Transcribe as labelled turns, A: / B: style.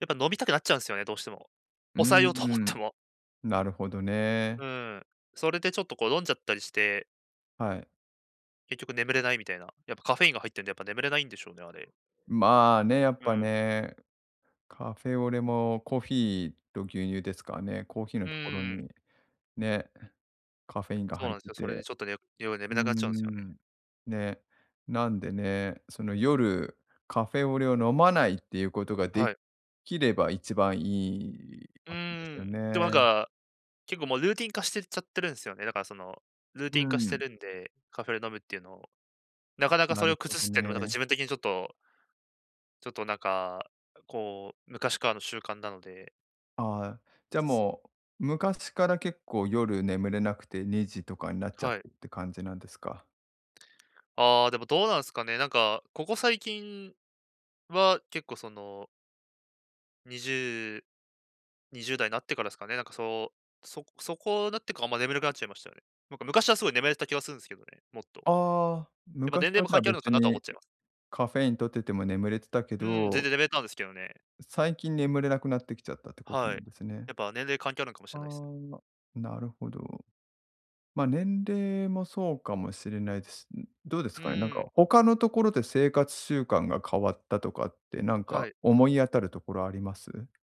A: やっぱ飲みたくなっちゃうんすよね、どうしても。
B: うー
A: 抑えようと思っ
B: ん、
A: ても。
B: なるほどね。
A: うん、それでちょっとこう飲んじゃったりして
B: はい。
A: 結局眠れないみたいな、やっぱカフェインが入ってんでやっぱ眠れないんでしょうね、あれ。
B: まあね、やっ
A: う
B: ぱ
A: ん。
B: ね、カフェオレもコーヒーと牛乳ですからね、コーヒー
A: う
B: のところ
A: ーん。
B: にね、カフェインが
A: そう
B: 入っ
A: なんす
B: て
A: よ、それで
B: て。
A: ちょっとね、よ要は眠
B: うー
A: れなくなっちゃうんすよね。
B: ん、ね、なんでね、その夜カフェオレを飲まないっていうことがで
A: はい。
B: きれば一番いい
A: う
B: ぱっくんです
A: ー
B: よ
A: ん、てわん
B: ね。
A: か、結構もうルーティン化してるちゃってるんすよね。だからそのルー
B: う
A: ティン化して
B: ん。
A: るんで、カフェで飲むっていうのを。なかなか
B: な
A: それ
B: る
A: を
B: ほ
A: 崩
B: ど
A: すってのもなんか
B: ね。
A: 自分的にちょっとちょっとなんか、あうこう、昔からの習慣なので
B: ああ、じ
A: つ
B: ゃ
A: つつ。
B: もう昔から結構夜眠れなくて2時とかになっちゃっ
A: は
B: て
A: い。
B: って感じなんですか。
A: ああ、でもどうなんですかね、なんか、ここ最近は結構その2020代なってからすかね、なんかそうそこそこなってかあんま眠れくなっちゃいましたよね。なんか昔はすごい眠れてた気がするんすけどね、もっと。
B: ああ、
A: やっぱ
B: 昔
A: 年齢
B: は
A: も
B: じゃ
A: 関
B: あ
A: 係あるのか
B: 別
A: なとは
B: に、
A: 思っちゃい
B: え、
A: ます。
B: カフェイン取ってても眠れてたけ
A: うん、全
B: ど
A: 然眠れたんですけどね。
B: う最近眠れなくなってきちゃったってことな
A: は
B: ん
A: い、
B: ですね。
A: やっぱ年齢関係あるんかもし
B: あ
A: れないっす。
B: あ、なるほど。ま、年齢もそうかもしれないです。ん、どうです
A: う
B: かね、なん
A: ー
B: か
A: ん。
B: 他のところで生活習慣が変わったとかってなん
A: は
B: か
A: い。
B: 思い当たるところあります？